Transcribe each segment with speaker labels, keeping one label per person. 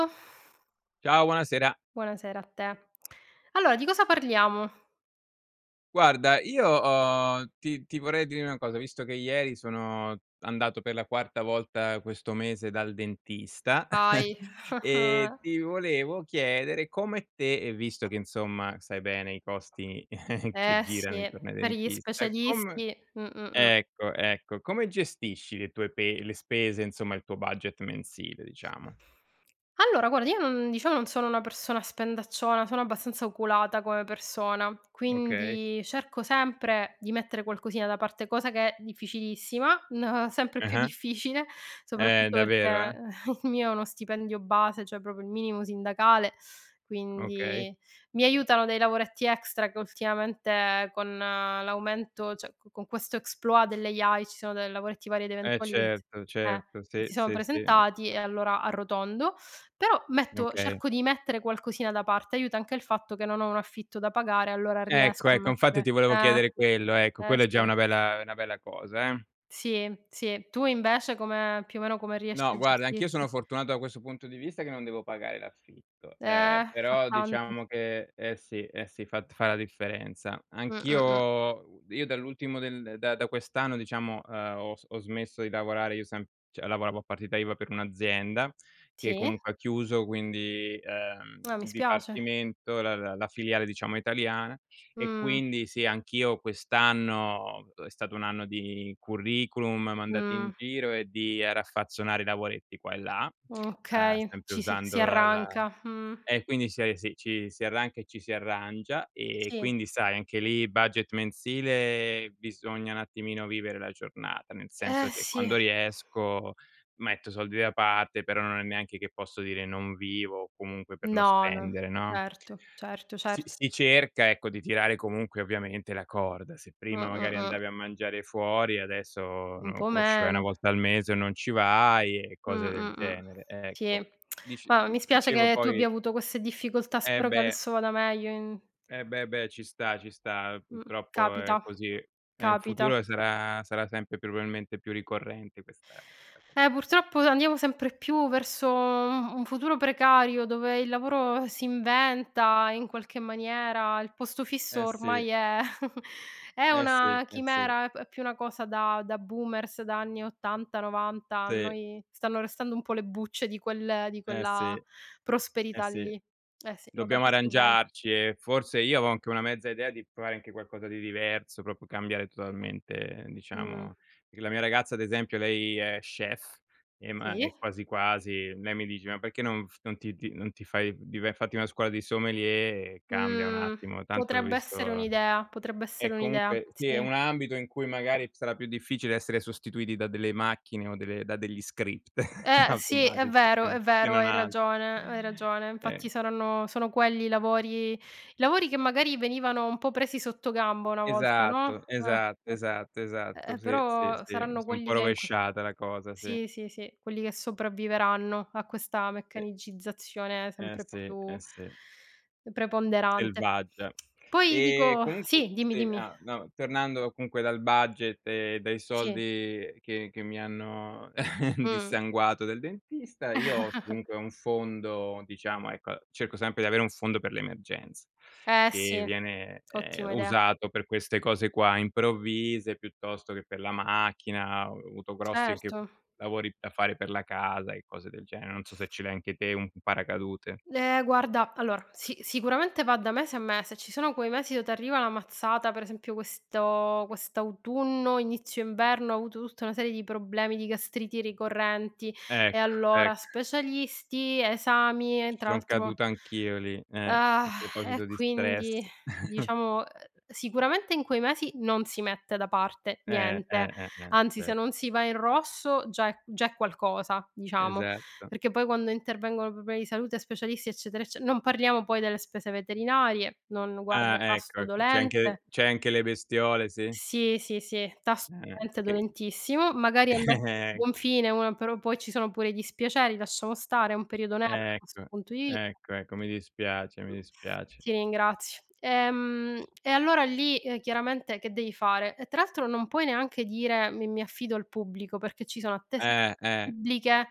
Speaker 1: [unintelligible]
Speaker 2: Ciao, buonasera.
Speaker 1: Buonasera a te. Allora di cosa parliamo?
Speaker 2: Guarda, io ho ti ti vorrei dire na cosa: visto che ieri sono andato per la quarta volta questo mese dal dentista,
Speaker 1: Vai!
Speaker 2: ehm, ti volevo chiedere come te, ehm, visto che insomma sai bene i costi che
Speaker 1: Eh
Speaker 2: girano
Speaker 1: sì,
Speaker 2: intorno ai
Speaker 1: per gli
Speaker 2: dentista, come
Speaker 1: specialisti. Mh-mh-mh.
Speaker 2: ecco, ecco, come gestisci le tue pe le spese, insomma il tuo budget mensile diciamo?
Speaker 1: Allora guarda io non, diciamo non sono una persona spendacciona, sono abbastanza oculata come persona,
Speaker 2: Okay.
Speaker 1: quindi cerco sempre di mettere qualcosina da parte cosa che è difficilissima, n sempre più
Speaker 2: Ah-ah.
Speaker 1: difficile
Speaker 2: Eh
Speaker 1: soprattutto perché,
Speaker 2: davvero, eh?
Speaker 1: ehm, il mio è uno stipendio base, cioè proprio il minimo sindacale,
Speaker 2: Okay.
Speaker 1: quindi mi aiutano dei lavoretti extra che ultimamente con l'aumento cioè co con questo exploit delle AI ci sono de lavoretti varie ed
Speaker 2: E
Speaker 1: eventuali che t
Speaker 2: certo,
Speaker 1: eh,
Speaker 2: certo,
Speaker 1: che
Speaker 2: sì,
Speaker 1: si sono
Speaker 2: sì sì. Mh.
Speaker 1: presentati e allora arrotondo. Però metto
Speaker 2: Okay.
Speaker 1: cerco di mettere qualcosina da parte, aiuta anche il fatto che non ho un affitto da pagare allora
Speaker 2: Ecco,
Speaker 1: riesco a
Speaker 2: ecco, infatti ti
Speaker 1: mettere
Speaker 2: volevo
Speaker 1: eh!
Speaker 2: chiedere quello, ecco,
Speaker 1: Eh
Speaker 2: quella è già
Speaker 1: sì.
Speaker 2: una bella è una bella cosa, eh.
Speaker 1: Sì, sì, tu invece come più o meno come
Speaker 2: No
Speaker 1: riesci a
Speaker 2: guarda, anch'io sono
Speaker 1: gestirti?
Speaker 2: fortunato da questo punto di vista che non devo pagare l'affitto, ehm,
Speaker 1: Eh, fa
Speaker 2: però
Speaker 1: tanto.
Speaker 2: diciamo che eh sì, eh sì, fat fa la differenza. Anch'io
Speaker 1: Mh-mh-mh.
Speaker 2: u io dall'ultimo del da da quest'anno diciamo, ehm, ho s ho smesso di lavorare. Io sem cioè lavoravo a partita IVA per un'azienda, che
Speaker 1: Sì.
Speaker 2: comunque ha chiuso, quindi, ehm,
Speaker 1: Ah, mi
Speaker 2: il
Speaker 1: spiace.
Speaker 2: dipartimento, la la la filiale diciamo italiana, e
Speaker 1: Mh.
Speaker 2: quindi sì anch'io quest'anno, dove stato un anno di curriculum mandati in
Speaker 1: Mh.
Speaker 2: giro e di, ehm, raffazzonare lavoretti qua e là, ehm,
Speaker 1: Okay,
Speaker 2: sempre
Speaker 1: ci si si
Speaker 2: usando la la
Speaker 1: arranca, mh.
Speaker 2: e quindi si ari si ci si arranca e ci si arrangia, ehm,
Speaker 1: Sì.
Speaker 2: quindi sai anche lì budget mensile bisogna un attimino vivere la giornata, nel
Speaker 1: Eh
Speaker 2: senso che
Speaker 1: sì.
Speaker 2: quando riesco metto soldi da parte, però non è neanche che posso dire non vivo comunque per non
Speaker 1: No, no.
Speaker 2: spendere, no?
Speaker 1: Certo, certo,
Speaker 2: Si
Speaker 1: certo.
Speaker 2: si cerca ecco, di tirare comunque ovviamente la corda: se prima magari
Speaker 1: Mh-mh-mh.
Speaker 2: andavi a mangiare fuori adesso
Speaker 1: Un
Speaker 2: non
Speaker 1: po'
Speaker 2: può ci vai 1
Speaker 1: meno.
Speaker 2: volta al mese o non ci vai, e cose del
Speaker 1: Mh-mh-mh.
Speaker 2: genere,
Speaker 1: Sì,
Speaker 2: ecco. Dic
Speaker 1: ma mi
Speaker 2: uhm,
Speaker 1: spiace
Speaker 2: dicevo
Speaker 1: che tu abbia
Speaker 2: poi
Speaker 1: avuto queste difficoltà,
Speaker 2: Eh
Speaker 1: spero che
Speaker 2: beh.
Speaker 1: adesso vada meglio in
Speaker 2: Eh beh, beh ci sta, ci sta, ehm,
Speaker 1: Mh.
Speaker 2: purtroppo è
Speaker 1: Capita,
Speaker 2: così, e in
Speaker 1: capita.
Speaker 2: futuro sarà sarà sempre più probabilmente più ricorrente questa questa cosa
Speaker 1: Eh
Speaker 2: qua.
Speaker 1: purtroppo andiamo sempre più verso un un futuro precario dove il lavoro si inventa, in qualche maniera, il posto fisso
Speaker 2: Eh sì.
Speaker 1: ormai è, è
Speaker 2: Eh sì,
Speaker 1: una
Speaker 2: eh sì.
Speaker 1: chimera, è più una cosa da da boomers, da anni 80'-90', a
Speaker 2: Sì.
Speaker 1: noi stanno restando un po' le bucce di quel di
Speaker 2: Eh
Speaker 1: quella
Speaker 2: sì. Eh
Speaker 1: prosperità
Speaker 2: sì.
Speaker 1: lì. Eh sì, lo
Speaker 2: Dobbiamo
Speaker 1: capisco bene.
Speaker 2: arrangiarci e forse io avò anche una mezza idea di provare anche qualcosa di diverso, proprio cambiare totalmente,
Speaker 1: Mh.
Speaker 2: diciamo. Perchè la mia ragazza ad esempio lei è chef, ehm, ma
Speaker 1: Sì.
Speaker 2: e quasi quasi. Lei mi dice: "Ma perché non f non ti ti non ti fai di vai a fatti una scuola di sommelier e cambia un
Speaker 1: Mhmm,
Speaker 2: attimo, tanto ho
Speaker 1: potrebbe essere
Speaker 2: visto"
Speaker 1: un'idea, potrebbe
Speaker 2: E
Speaker 1: essere un'idea,
Speaker 2: comunque sì, è
Speaker 1: sì.
Speaker 2: un ambito in cui magari sarà più difficile essere sostituiti da delle macchine o delle da degli script,
Speaker 1: Eh sì, è
Speaker 2: automatici,
Speaker 1: vero,
Speaker 2: ehm,
Speaker 1: è
Speaker 2: se
Speaker 1: vero,
Speaker 2: non
Speaker 1: hai
Speaker 2: altro.
Speaker 1: ragione, hai ragione, infatti
Speaker 2: Ehm
Speaker 1: saranno sono quelli i lavori i lavori che magari venivano un po' presi sottogamba una volta, no.
Speaker 2: Esatto,
Speaker 1: Eh,
Speaker 2: esatto, esatto,
Speaker 1: eh.
Speaker 2: esatto,
Speaker 1: Ehm,
Speaker 2: sì, sì,
Speaker 1: però,
Speaker 2: sì,
Speaker 1: saranno
Speaker 2: si è un
Speaker 1: quelli
Speaker 2: po'
Speaker 1: che in qual
Speaker 2: rovesciata la cosa, sì.
Speaker 1: sì, sì, sì, quelli che sopravviveranno a questa
Speaker 2: E
Speaker 1: meccanicizzazione
Speaker 2: Eh
Speaker 1: sempre
Speaker 2: sì, eh
Speaker 1: più
Speaker 2: sì.
Speaker 1: preponderante.
Speaker 2: Selvaggia.
Speaker 1: Poi
Speaker 2: Ehm,
Speaker 1: dico
Speaker 2: comunque
Speaker 1: sì, dimmi,
Speaker 2: sì,
Speaker 1: dimmi.
Speaker 2: ah, no tornando comunque dal budget e dai
Speaker 1: Sì.
Speaker 2: soldi che che mi hanno
Speaker 1: Mh.
Speaker 2: dissanguato del dentista io us comunque ho un fondo, diciamo ecco, cerco sempre di avere un fondo per l'emergenze,
Speaker 1: Eh sì.
Speaker 2: che viene, ehm,
Speaker 1: Ottima idea.
Speaker 2: usato per queste cose qua improvvise, piuttosto che per la macchina; ho avuto grossi anche
Speaker 1: Certo.
Speaker 2: lavori da fare per la casa, e cose del genere. Non so se ce l'hai anche te un paracadute.
Speaker 1: Eh guarda, allora, si sicuramente va da mese a mese: ci sono quei mesi dove t'arriva la mazzata, per esempio questo quest'autunno, inizio inverno ho avuto tutta una serie di problemi di gastriti ricorrenti, e
Speaker 2: Ecco,
Speaker 1: allora:
Speaker 2: ecc.
Speaker 1: specialisti, esami, e
Speaker 2: Ci
Speaker 1: tra
Speaker 2: son
Speaker 1: l'altro
Speaker 2: caduto anch'io lì, eh, a
Speaker 1: E
Speaker 2: proposito di stress.
Speaker 1: quindi diciamo, ehm, sicuramente in quei mesi non si mette da parte
Speaker 2: Eh, eh,
Speaker 1: niente.
Speaker 2: eh, eh,
Speaker 1: Anzi, se
Speaker 2: cer
Speaker 1: non si va in rosso già è già è qualcosa, diciamo,
Speaker 2: Esatto.
Speaker 1: perché poi quando intervengono problemi di salute, specialisti, eccetera ecce non parliamo poi delle spese veterinarie, non guarda,
Speaker 2: Ah ecco,
Speaker 1: tasto
Speaker 2: ecco c'hai anche
Speaker 1: dolente.
Speaker 2: c'hai anche le bestiole, sì?
Speaker 1: Sì, sì, sì, tas
Speaker 2: Eh,
Speaker 1: dolente,
Speaker 2: che
Speaker 1: dolentissimo, magari andassero a buon fine una però poi ci sono pure i dispiaceri, lasciamo stare, è un periodo nero da questo
Speaker 2: Ecco,
Speaker 1: punto di vi
Speaker 2: ecco, ecco, mi dispiace, mi dispiace.
Speaker 1: Ti ringrazio. Ehm, e allora lì, ehm, chiaramente che devi fare. E tra l'altro non puoi neanche dire mi mi affido al pubblico, perché ci sono attese
Speaker 2: Eh, eh.
Speaker 1: bibliche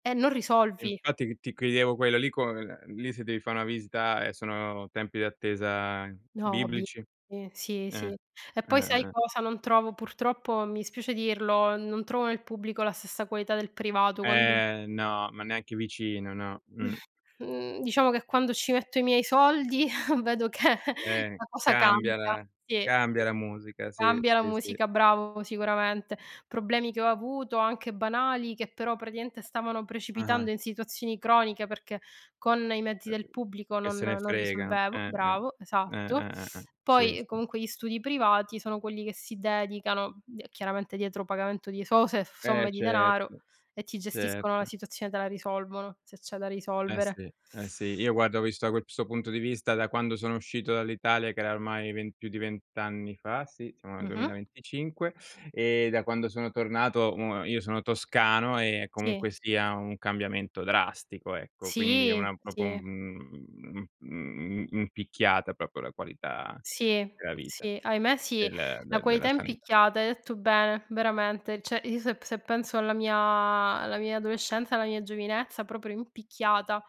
Speaker 1: e non
Speaker 2: E
Speaker 1: risolvi.
Speaker 2: infatti ti ti chiedevo quella lì co ehm, lì se devi fa una visita, ehm, sono tempi d'attesa
Speaker 1: No, bi
Speaker 2: biblici?
Speaker 1: sì, sì,
Speaker 2: Eh,
Speaker 1: sì. E poi sai
Speaker 2: eh-eh-eh-eh.
Speaker 1: cosa: non trovo purtroppo mi spiace dirlo, non trovo nel pubblico la stessa qualità del privato quando
Speaker 2: Ehm, no, ma neanche vicino no, mh.
Speaker 1: Mhmm, diciamo che quando ci metto i miei soldi vedo che
Speaker 2: Eh,
Speaker 1: la cosa
Speaker 2: cambia
Speaker 1: cambia,
Speaker 2: la
Speaker 1: sì.
Speaker 2: cambia la musica, sì,
Speaker 1: Cambia la
Speaker 2: sì, sì.
Speaker 1: musica, bravo, sicuramente. Problemi che ho avuto, anche banali, che però praticamente stavano
Speaker 2: Ah-ah.
Speaker 1: precipitando in situazioni croniche perché con i mezzi del
Speaker 2: Terri
Speaker 1: pubblico
Speaker 2: che
Speaker 1: non
Speaker 2: se ne
Speaker 1: non
Speaker 2: fregano,
Speaker 1: risolvevo.
Speaker 2: eh-eh,
Speaker 1: Bravo, esatto.
Speaker 2: eh-eh-eh-eh, sì
Speaker 1: Poi, ehm,
Speaker 2: sì.
Speaker 1: comunque gli studi privati sono quelli che si dedicano, d chiaramente dietro pagamento di esose
Speaker 2: Eh
Speaker 1: somme di denaro,
Speaker 2: certo.
Speaker 1: e ti gestiscono la
Speaker 2: Certo.
Speaker 1: situazione, te la risolvono, se c'è da
Speaker 2: Eh
Speaker 1: risolvere.
Speaker 2: sì, eh sì, io guarda ho visto da questo punto di vista, da quando sono uscito dall'Italia che era ormai ven più di 20 anni fa, sì, siamo nel
Speaker 1: Mh-mh.
Speaker 2: 2025; e da quando sono tornato, uhm, io sono toscano, e
Speaker 1: Sì.
Speaker 2: comunque sia un cambiamento drastico, ecco. Quindi è
Speaker 1: Sì,
Speaker 2: una proprio,
Speaker 1: sì.
Speaker 2: un uhm, mhmm, uhm, mhmm mhmm mhmm, in picchiata proprio la qualità
Speaker 1: Sì,
Speaker 2: della vita.
Speaker 1: sì, ahimè sì,
Speaker 2: Del
Speaker 1: la
Speaker 2: de
Speaker 1: qualità
Speaker 2: della
Speaker 1: è in
Speaker 2: sanità.
Speaker 1: picchiata. Hai detto bene, veramente, cioè io se p se penso alla mia alla mia adolescenza, alla mia giovinezza, proprio in picchiata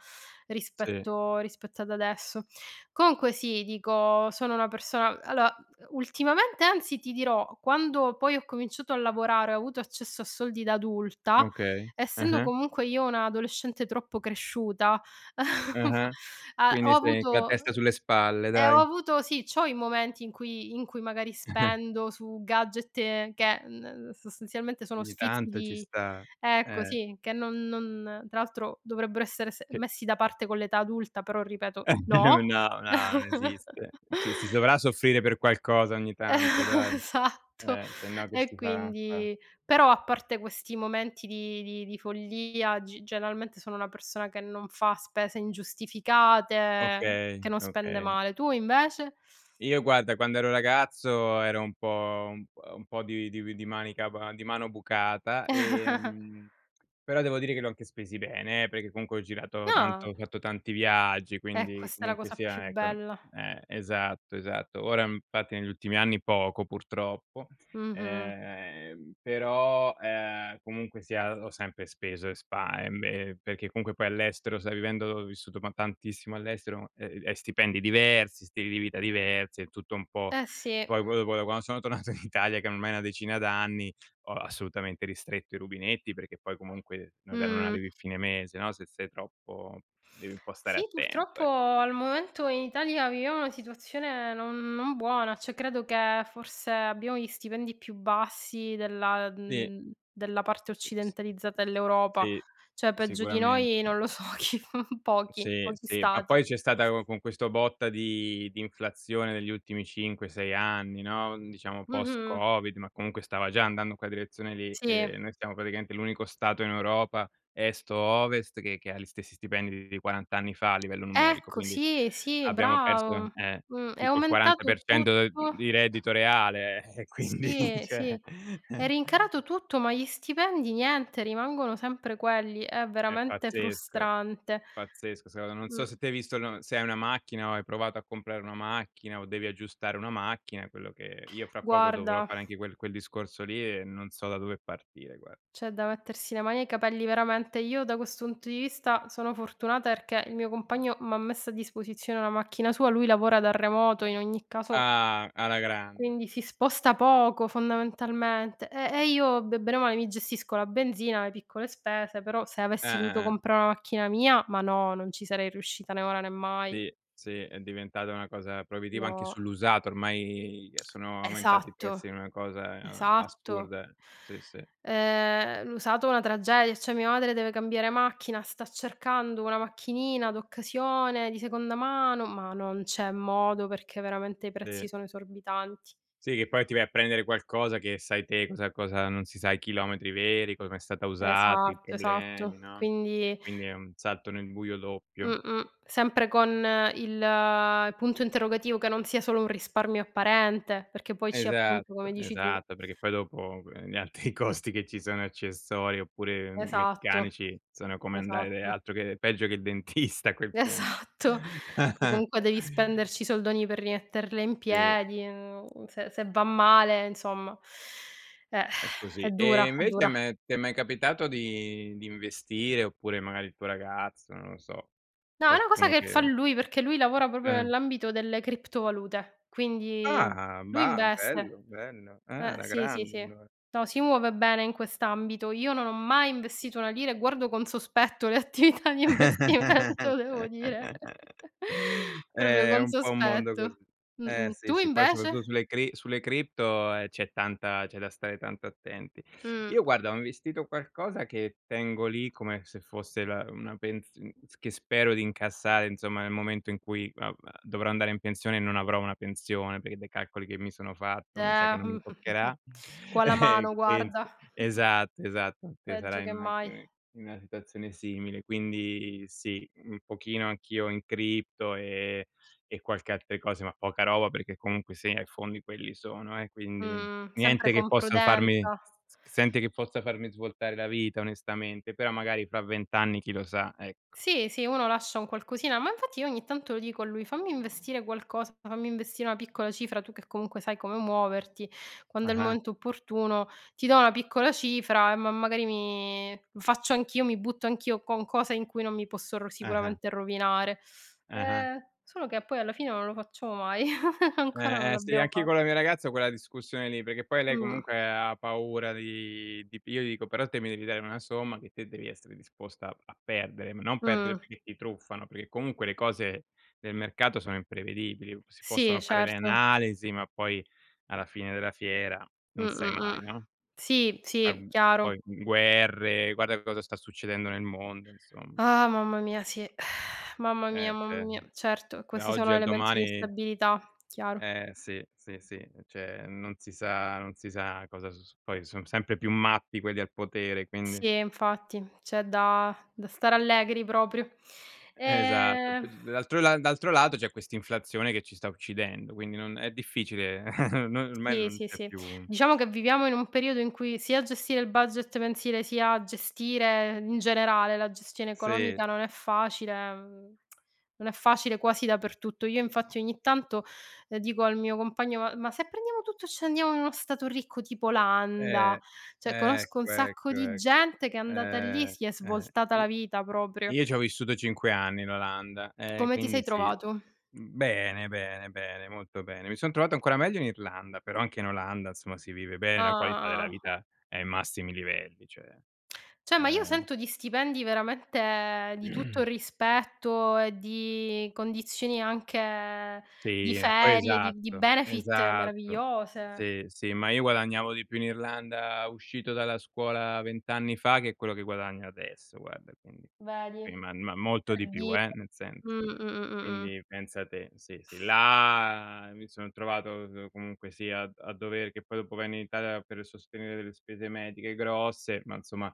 Speaker 2: Sì.
Speaker 1: rispetto rispetto ad adesso. Comunque sì, dico, sono una persona allora, ultimamente anzi ti dirò, quando poi ho cominciato a lavorare ho avuto accesso a soldi da adulta,
Speaker 2: Okay,
Speaker 1: essendo
Speaker 2: eh-eh.
Speaker 1: comunque io una adolescente troppo cresciuta,
Speaker 2: Eh-eh,
Speaker 1: a ho
Speaker 2: quindi sei
Speaker 1: avuto,
Speaker 2: con la
Speaker 1: oh
Speaker 2: testa sulle spalle,
Speaker 1: e ho
Speaker 2: dai.
Speaker 1: avuto sì, c'ho i momenti in cui in cui magari spendo su gadget e che, ehm ehm, sostanzialmente sono
Speaker 2: Ogni
Speaker 1: sfizi
Speaker 2: tanto ci
Speaker 1: di
Speaker 2: sta.
Speaker 1: ecco
Speaker 2: Eh.
Speaker 1: sì, che non non tra l'altro dovrebbero essere se
Speaker 2: Sì.
Speaker 1: messi da parte con l'età adulta, però ripeto,
Speaker 2: Eh,
Speaker 1: no!
Speaker 2: no, no, non esiste. Ci si dovrà soffrire per qualcosa ogni tanto, dai.
Speaker 1: Esatto!
Speaker 2: Eh, sennò che
Speaker 1: E
Speaker 2: si fa a fa.
Speaker 1: quindi però a parte questi momenti di di di follia, g generalmente sono una persona che non fa spese ingiustificate,
Speaker 2: Okay,
Speaker 1: che non
Speaker 2: è
Speaker 1: spende
Speaker 2: okay.
Speaker 1: male. Tu invece?
Speaker 2: Io guarda quando ero ragazzo ero un po' un p ehm, un po' di di vi di manica ba di mano bucata; ehm, però devo dire che li ho anche spesi bene, perché comunque ho girato
Speaker 1: No.
Speaker 2: tanto, ho fatto tanti viaggi,
Speaker 1: È
Speaker 2: quindi
Speaker 1: questa è la
Speaker 2: comunque
Speaker 1: cosa più
Speaker 2: sia, ecco
Speaker 1: bella.
Speaker 2: eh esatto, esatto. Ora, infatti, negli ultimi anni poco purtroppo.
Speaker 1: Mh-mh.
Speaker 2: Ehm, però, ehm, comunque sia ho sempre speso e spa ehm, e perché comunque poi all'estero, sai vivendo ho vissuto ma tantissimo all'estero, e e stipendi diversi, stili di vita diversi, è tutto un po'
Speaker 1: Eh sì.
Speaker 2: poi poi dopo da quando sono tornato in Italia, che ormai è na decina d'anni, ho assolutamente ristretto i rubinetti perché poi comunque non re non
Speaker 1: Mh.
Speaker 2: arrivi fine mese, no, se sei troppo devi un po' stare
Speaker 1: Sì
Speaker 2: attento,
Speaker 1: purtroppo
Speaker 2: ecco.
Speaker 1: al momento, in Italia, viviamo una situazione non non buona. Cioè credo che forse abbiamo gli stipendi più bassi della
Speaker 2: Sì.
Speaker 1: uhm, della parte
Speaker 2: Uh s
Speaker 1: occidentalizzata
Speaker 2: us
Speaker 1: dell'Europa.
Speaker 2: sì,
Speaker 1: Cioè peggio di noi
Speaker 2: sicuramente.
Speaker 1: non lo so chi f pochi,
Speaker 2: Sì,
Speaker 1: pochi
Speaker 2: sì, ma
Speaker 1: Stati.
Speaker 2: poi c'è stata co con questo botta di di inflazione degli ultimi 5,6 anni, no, diciamo
Speaker 1: Mh-mh.
Speaker 2: post-covid, ma comunque stava già andando in quella direzione lì.
Speaker 1: Sì.
Speaker 2: Ehm, noi stiamo praticamente l'unico Stato in Europa, est o ovest, che che ha gli stessi stipendi di 40 anni fa a livello numerico,
Speaker 1: Ecco
Speaker 2: quindi
Speaker 1: sì, sì,
Speaker 2: abbiamo perso,
Speaker 1: bravo.
Speaker 2: eh,
Speaker 1: Mh, è
Speaker 2: tipo il quaranta per
Speaker 1: aumentato
Speaker 2: cento de
Speaker 1: tutto.
Speaker 2: di reddito reale, eh, e quindi,
Speaker 1: Sì, sì.
Speaker 2: cioè
Speaker 1: È rincarato tutto ma gli stipendi niente, rimangono sempre quelli. È
Speaker 2: È
Speaker 1: veramente
Speaker 2: pazzesco.
Speaker 1: frustrante.
Speaker 2: Pazzesco, secondo non so
Speaker 1: Mh.
Speaker 2: se te hai visto l se hai una macchina o hai provato a comprare una macchina, o devi aggiustare una macchina, quello che io fra poco dovrò
Speaker 1: Guarda
Speaker 2: fare anche quel quel discorso lì e non so da dove partire guar
Speaker 1: c'è da mettersi le mani ai capelli, veramente, io da questo punto di vista sono fortunata perché il mio compagno m'ha messo a disposizione la macchina sua. Lui lavora da remoto, in ogni caso
Speaker 2: Ah! Alla grande.
Speaker 1: quindi si sposta poco, fondamentalmente, ehm, e io be brema mi gestisco la benzina, le piccole spese; però se avessi dovuto
Speaker 2: Eh-eh-eh.
Speaker 1: comprà na macchina mia, ma no, non ci sarei riuscita né ora né mai.
Speaker 2: Sì, sì è diventata una cosa proibitiva anche
Speaker 1: No.
Speaker 2: sull'usato. Ormai, ye, sono aumentati i
Speaker 1: Esatto.
Speaker 2: pezzi è una cosa e a
Speaker 1: Esatto.
Speaker 2: assurda. Sì sì.
Speaker 1: Ehm, l'usato una tragedia, cioè mia madre deve cambiare macchina, sta cercando una macchinina d'occasione di seconda mano, ma non c'è modo perché veramente i
Speaker 2: Sì.
Speaker 1: prezzi sono esorbitanti.
Speaker 2: Sì, che poi ti vai a prendere qualcosa che sai te cosa cosa non si sa i chilometri veri, come è stata usata, i
Speaker 1: Esatto, esatto;
Speaker 2: problemi, no. E
Speaker 1: quindi
Speaker 2: quindi è un salto nel buio doppio.
Speaker 1: Mh-mh, sempre con il punto interrogativo, che non sia solo un risparmio apparente, perché poi ci appunto, come
Speaker 2: Esatto,
Speaker 1: dici tu.
Speaker 2: esatto, perché poi dopo co ehm, gli altri costi che ci sono accessori, oppure m
Speaker 1: Esatto.
Speaker 2: meccanici sono come andare
Speaker 1: Esatto.
Speaker 2: altro che peggio che dentista a quel punto.
Speaker 1: Esatto! Poi comunque devi spenderci i soldoni per rimetterle in
Speaker 2: Sì.
Speaker 1: piedi, uhm, se se va male, insomma. Eh,
Speaker 2: È così.
Speaker 1: è dura,
Speaker 2: E
Speaker 1: è
Speaker 2: invece
Speaker 1: dura.
Speaker 2: meh ti è mai capitato di di investire, oppure magari il tuo ragazzo, non lo so.
Speaker 1: No è una cosa
Speaker 2: Qualcuno
Speaker 1: che fa
Speaker 2: che
Speaker 1: lui, perché lui lavora proprio
Speaker 2: Eh.
Speaker 1: nell'ambito delle criptovalute, quindi
Speaker 2: Ah!
Speaker 1: lui
Speaker 2: Bah, bello,
Speaker 1: investe.
Speaker 2: bello. Ah,
Speaker 1: Eh,
Speaker 2: alla
Speaker 1: sì, sì,
Speaker 2: grande
Speaker 1: sì.
Speaker 2: allora.
Speaker 1: No, si muove bene in quest'ambito. Io non ho mai investito una lira e guardo con sospetto le attività di investimento devo dire, proprio
Speaker 2: È
Speaker 1: con
Speaker 2: un po' un mondo
Speaker 1: sospetto,
Speaker 2: così. Eh
Speaker 1: mh-mh.
Speaker 2: sì,
Speaker 1: Tu
Speaker 2: sì, poi soprattutto
Speaker 1: invece?
Speaker 2: sulle cri sulle cripto, ehm, c'è tanta c'è da stare tanto attenti.
Speaker 1: Mh.
Speaker 2: Io guarda, ho investito qualcosa che tengo lì come se fosse la una pens uhm, s che spero di incassare, insomma, nel momento in cui, vabbè, dovrò andare in pensione e non avrò una pensione, perché dai calcoli che mi sono fatto mi sa che
Speaker 1: Da.
Speaker 2: non mi toccherà.
Speaker 1: Qua la mano,
Speaker 2: Che penso,
Speaker 1: guarda.
Speaker 2: esatto, esatto. Che sarà
Speaker 1: Peggio che
Speaker 2: in una
Speaker 1: mai.
Speaker 2: [unintelligible] in una situazione simile. Quindi sì, un pochino anch'io in cripto e e qualche altre cose ma poca roba perché comunque sia i fondi quelli sono eh, quindi,
Speaker 1: Mh, sempre
Speaker 2: niente che
Speaker 1: con
Speaker 2: possa farmi
Speaker 1: prudenza.
Speaker 2: s z senti che possa farmi svoltare la vita onestamente, però magari fa 20 anni chi lo sa, ecco.
Speaker 1: Sì, sì, uno lascia un qualcosina, ma infatti io ogni tanto lo dico a lui: "Fammi investire qualcosa, fammi investire una piccola cifra, tu che comunque sai come muoverti, quando è il
Speaker 2: Ah-ah.
Speaker 1: momento opportuno, ti do una piccola cifra e ma magari mi lo faccio anch'io, mi butto anch'io con cose in cui non mi posso ro
Speaker 2: Ah-ah.
Speaker 1: sicuramente rovinare."
Speaker 2: Ah-ah.
Speaker 1: Ehm, solo che poi alla fine non lo facciamo mai. Ancora non
Speaker 2: Eh, eh sì
Speaker 1: l'abbiamo
Speaker 2: anche
Speaker 1: fa
Speaker 2: con la mia ragazza ho quella discussione lì, perché poi lei
Speaker 1: Mh.
Speaker 2: comunque ha paura di di pi io gli dico: "Però te mi devi dare una somma che te devi essere disposta a a perdere", ma non perdere
Speaker 1: Mh.
Speaker 2: perché ti truffano, perché comunque le cose del mercato sono imprevedibili. Si
Speaker 1: Sì
Speaker 2: possono fare le
Speaker 1: certo.
Speaker 2: analisi, ma poi alla fine della fiera non sai
Speaker 1: Mh-mh-mh.
Speaker 2: mai, no?
Speaker 1: Sì, sì,
Speaker 2: [unintelligible]
Speaker 1: chiaro.
Speaker 2: poi gu guerre, guarda cosa sta succedendo nel mondo, insomma.
Speaker 1: Ah, mamma mia, sì! Mamma mia,
Speaker 2: Eh
Speaker 1: mamma
Speaker 2: cioè,
Speaker 1: mia,
Speaker 2: uhm;
Speaker 1: certo,
Speaker 2: da
Speaker 1: questi
Speaker 2: oggi
Speaker 1: sono
Speaker 2: al
Speaker 1: elementi di
Speaker 2: domani
Speaker 1: instabilità, chiaro.
Speaker 2: Eh sì, sì, sì. Uhm, cioè non si sa non si sa cosa s su poi, son sempre più matti quelli al potere, quindi
Speaker 1: Sì, e infatti. C'è da da stare allegri proprio.
Speaker 2: Esatto. Più
Speaker 1: Ehm
Speaker 2: d l'altro la d'altro lato c'è questa inflazione che ci sta uccidendo, quindi non è difficile. Noi ormai
Speaker 1: Sì,
Speaker 2: non
Speaker 1: sì,
Speaker 2: c'è
Speaker 1: sì.
Speaker 2: più
Speaker 1: Diciamo che viviamo in un periodo in cui sia gestire il budget mensile, sia gestire, in generale, la gestione
Speaker 2: Sì.
Speaker 1: economica, non è facile. Mhmm, non è facile quasi dappertutto. Io infatti ogni tanto, ehm, dico al mio compagno: "Ma ma se prendiamo tutto e ce ne andiamo in uno stato ricco tipo Olanda?"
Speaker 2: Eh,
Speaker 1: Cioè conosco un
Speaker 2: ecco,
Speaker 1: sacco
Speaker 2: ecco,
Speaker 1: di
Speaker 2: ecco.
Speaker 1: gente che è andata lì,
Speaker 2: Ehm,
Speaker 1: si è
Speaker 2: eh.
Speaker 1: svoltata la
Speaker 2: I
Speaker 1: vita proprio.
Speaker 2: io ci ho vissuto 5 anni in Olanda, ehm,
Speaker 1: Come ti sei
Speaker 2: quindi sì.
Speaker 1: trovato?
Speaker 2: Uhm, bene, bene, bene, molto bene, mi son trovato ancora meglio in Irlanda, però anche in Olanda insomma si vive bene,
Speaker 1: Ah,
Speaker 2: la qualità
Speaker 1: ah,
Speaker 2: della
Speaker 1: ah, ah.
Speaker 2: vita è ai massimi livelli, cioè
Speaker 1: Cioè ma io
Speaker 2: ehm
Speaker 1: sento di stipendi veramente di tutto rispetto e di condizioni anche di
Speaker 2: Sì, ma poi
Speaker 1: ferie, di di
Speaker 2: esatto,
Speaker 1: benefit
Speaker 2: esatto.
Speaker 1: meravigliose.
Speaker 2: Sì, sì, ma io guadagnavo di più in Irlanda uscito dalla scuola 20 anni fa che quello che guadagno adesso guarda, quindi. Sì
Speaker 1: Vedi.
Speaker 2: ma ma molto
Speaker 1: Per
Speaker 2: di più
Speaker 1: dire.
Speaker 2: eh, nel senso
Speaker 1: Mh, mh-mh-mh-mh.
Speaker 2: quindi pensa te. Sì, sì là mi son trovato, uhm, comunque sia a a dover che poi dopo venni in Italia per sostenere delle spese mediche grosse, ma insomma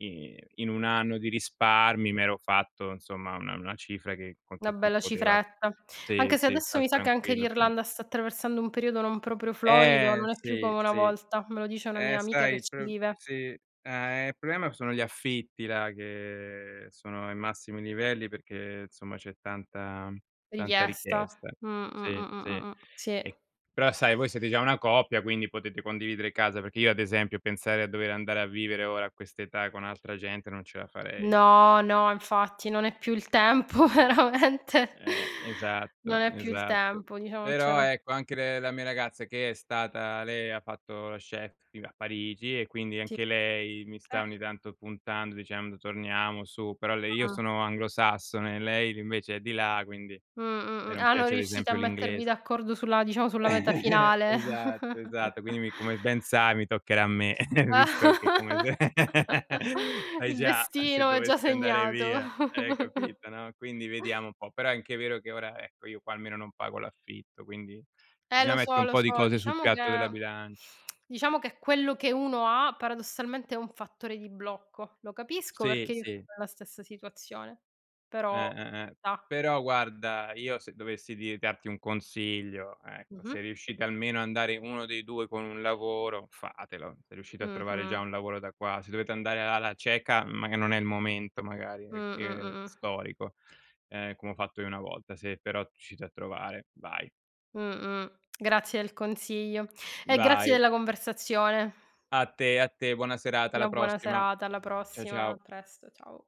Speaker 2: in in 1 anno di risparmi m'ero fatto insomma una una cifra che con
Speaker 1: Na
Speaker 2: che ti
Speaker 1: bella
Speaker 2: poteva
Speaker 1: cifretta,
Speaker 2: sì,
Speaker 1: anche se
Speaker 2: sì,
Speaker 1: adesso
Speaker 2: star
Speaker 1: mi sa che anche
Speaker 2: tranquillo per un
Speaker 1: l'Irlanda sta attraversando un periodo non proprio florido,
Speaker 2: Ehm,
Speaker 1: non è più
Speaker 2: sì,
Speaker 1: come una
Speaker 2: sì.
Speaker 1: volta. Me lo dice una mia
Speaker 2: Eh
Speaker 1: amica
Speaker 2: sai
Speaker 1: che
Speaker 2: il
Speaker 1: ci
Speaker 2: pr
Speaker 1: vive.
Speaker 2: sì. Ah, ehm, il problema sono gli affitti là che sono ai massimi livelli perché, insomma c'è tanta tanta
Speaker 1: Richiesta.
Speaker 2: richiesta.
Speaker 1: Mh, mh,
Speaker 2: Sì,
Speaker 1: mh, mh,
Speaker 2: sì,
Speaker 1: mh-mh. Sì.
Speaker 2: e però sai voi siete già una coppia quindi potete condividere casa, perché io ad esempio pensare a dover andare a vivere ora a quest'età con altra gente non ce la farei.
Speaker 1: No, no, infatti, non è più il tempo veramente.
Speaker 2: Eh-eh,
Speaker 1: Non
Speaker 2: esatto,
Speaker 1: è più il
Speaker 2: esatto.
Speaker 1: tempo, diciamo non c'è
Speaker 2: Però
Speaker 1: na
Speaker 2: ecco, anche le la mia ragazza che è stata lei ha fatto la chef ti a Parigi, e quindi
Speaker 1: Sì.
Speaker 2: anche lei mi
Speaker 1: Okay.
Speaker 2: sta ogni tanto puntando, dicendo: "Torniamo su", però lei io
Speaker 1: Mh-mh.
Speaker 2: sono anglosassone, lei invece è di là, quindi lei
Speaker 1: Mh-mh-mh,
Speaker 2: non
Speaker 1: ah, non
Speaker 2: piace ad
Speaker 1: riuscite a
Speaker 2: esempio
Speaker 1: mettervi
Speaker 2: l'inglese.
Speaker 1: d'accordo sulla diciamo sulla meta finale.
Speaker 2: Esatto, esatto, quindi mi come ben sai mi toccherà a me, visto che come se sai
Speaker 1: Il
Speaker 2: già se
Speaker 1: destino è gia
Speaker 2: dovessi andare
Speaker 1: segnato.
Speaker 2: via, eh, capito, no. Quindi vediamo un po', però è anche vero che ora, ecco, io qua almeno non pago l'affitto, quindi
Speaker 1: Eh
Speaker 2: bisogna
Speaker 1: lo
Speaker 2: mettere
Speaker 1: so,
Speaker 2: un
Speaker 1: lo
Speaker 2: po' di
Speaker 1: so.
Speaker 2: cose sul
Speaker 1: Diciamo che
Speaker 2: piatto della bilancia.
Speaker 1: diciamo che quello che uno ha paradossalmente è un fattore di blocco. Lo capisco
Speaker 2: Sì,
Speaker 1: perchè io vivo
Speaker 2: sì.
Speaker 1: nella stessa situazione,
Speaker 2: Eh,
Speaker 1: però ci
Speaker 2: eh-eh.
Speaker 1: sta.
Speaker 2: Però guarda io se dovessi dir darti un consiglio, ecco,
Speaker 1: Mh-mh.
Speaker 2: se riuscite almeno a andare 1 dei 2 con un lavoro, fatelo. Se riuscite a trovare già
Speaker 1: Mh-mh.
Speaker 2: un lavoro da qua. Se dovete andare alla cieca, mag e non è il momento magari
Speaker 1: Mh,
Speaker 2: e che
Speaker 1: mh-mh-mh.
Speaker 2: storico, ehm, come ho fatto io una volta. Se però riuscite a trovare, vai.
Speaker 1: Mh-mh, grazie del consiglio e grazie
Speaker 2: Vai.
Speaker 1: della conversazione.
Speaker 2: A te, a te, buona serata,
Speaker 1: Una
Speaker 2: alla
Speaker 1: buona
Speaker 2: prossima.
Speaker 1: serata, alla
Speaker 2: Ciao
Speaker 1: prossima, a
Speaker 2: ciao.
Speaker 1: presto, ciao.